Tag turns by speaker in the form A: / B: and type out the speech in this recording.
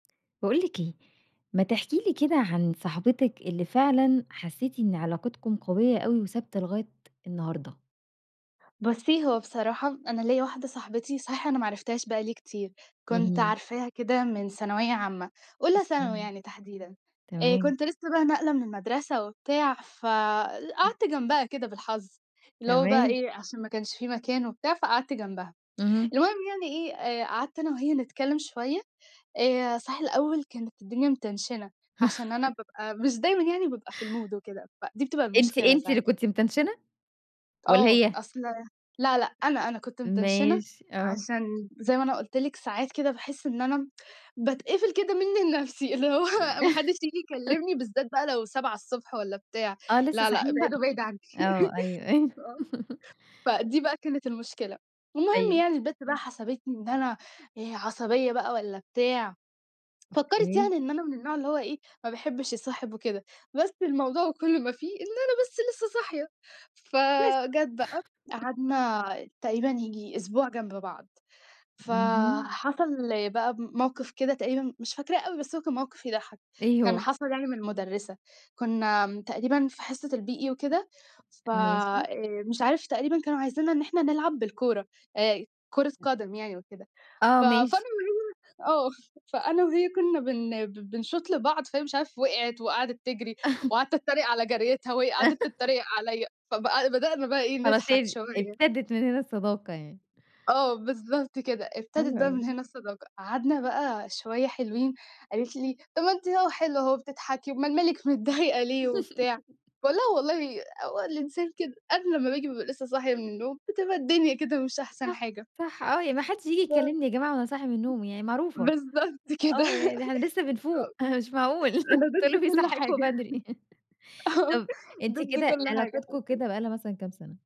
A: باقول لِك إيه، ما تحكي لي كده عن صحبتِك اللي فعلًا حسيتِ إن علاقتكم قوية أوي وثابتة لغاية النهارده.
B: بُصّي، هو بصراحة أنا ليّا واحدة صاحبتي صحيح أنا ما عرفتهاش بقى لي كتير، كنت
A: اهم.
B: عارفاها كده من ثانوية عامة أولى ثانوي
A: أوكي.
B: يعني تحديدًا آآ،
A: تمام.
B: كنت لسه بقى ناقلة من المدرسة وبتاع ف قعدت جنبها كده بالحظ، اللي هو بقى
A: تمام.
B: إيه، عشان ما كانش في مكان وبتاع فقعدت جنبها،
A: اهم.
B: المهم يعني إيه آآ قعدت أنا وهي نتكلم شوية آآ، صحيح الأول كانت الدنيا متنشنة عشان أنا بابقى مش دايمًا يعني بابقى في المود وكده، فدي بتبقى
A: أنتِ
B: المشكلة
A: أنتِ اللي
B: ساعات.
A: كنتِ متنشنة، والّا
B: آه،
A: هي؟
B: أصل لأ، لأ، أنا أنا كنت متنشنة
A: ماشي، آه.
B: عشان- زي ما أنا قُلت لِك- ساعات كده باحس إن أنا باتقفل كده منّي لنفسي اللي هو ما حدش ييجي يكلمني بالذات بقى لو 7:00 ص والّا بتاع،
A: آه، لسه
B: لأ، لأ،
A: صاحيين بقى
B: ابعدوا بعيد عنّي
A: آه، أيوه، أيوه.
B: آه، فدي بقى كانت المشكلة والمهم
A: طيب
B: يعني البت بقى
A: إمم.
B: حسبتني إن أنا آآ، عصبية بقى والّا بتاع، فكّرِت
A: أوكي.
B: يعني إن أنا من النوع اللي هو إيه ما باحبش يصاحب وكده، بس الموضوع كلّه وما فيه إن أنا بس لسه صاحية،
A: بس.
B: فجَت بقى قعدنا تقريبًا ييجي أسبوع جنب بعض،
A: اهم.
B: فحصل بقى ب موقف كده تقريبًا مش فاكراه أوي بس هو كان موقف يضحّك،
A: إيه
B: كان
A: هو؟
B: حصل يعني من المُدرّسة، كنّا م تقريبًا في حصة الBE وكده ف
A: ماشي.
B: آآ، مش عارف تقريبًا كانوا عايزينا إن إحنا نلعب بالكورة آآ، كورة قدم يعني وكده، ف
A: آه، ماشي.
B: [unintelligible] آه، فأنا وهي كنّا بن ب بنشوط لبعض فهي مش عارفة وِقعت وقعدت تجري، وقعدت اتريق على جَريتها وهي قعدت تتريق عليّا، فبقى بدأنا بقي إيه
A: خلاص
B: نضحك
A: هي
B: شوية.
A: إبتدت من هنا الصداقة يعني.
B: آه بالضبط كده، إبتدت
A: حلو
B: بقى من
A: أوي.
B: هنا الصداقة قعدنا بقى شوية حلوين قالت لي: "طب ما أنتِ أهو حلوة أهو وبتضحكي أُمال مالِك متضايقة ليه وبتاع؟" باقول لها: "والله هو الإنسان كده قبل أمّا باجي بابقى لسه صاحي من النوم بتبقى الدنيا كده مش أحسن
A: صح،
B: حاجة."
A: صح، آه، يعني ما حدش ييجي
B: [unintelligible]
A: يكلمني يا جماعة وأنا صاحية من النوم يعني معروفة
B: بالضبط كده
A: آه، يعني ده إحنا لسه
B: آه،
A: بنفوق، مش معقول أنتم
B: أنا
A: إيه
B: ضِد
A: اللي
B: كل
A: بيصحيكوا
B: حاجة
A: بدري
B: آه،
A: طب أنتِ
B: ضِد
A: كده،
B: كل حاجة
A: علاقتكم
B: حرفي
A: كده بقى لها مثلًا كام سنة؟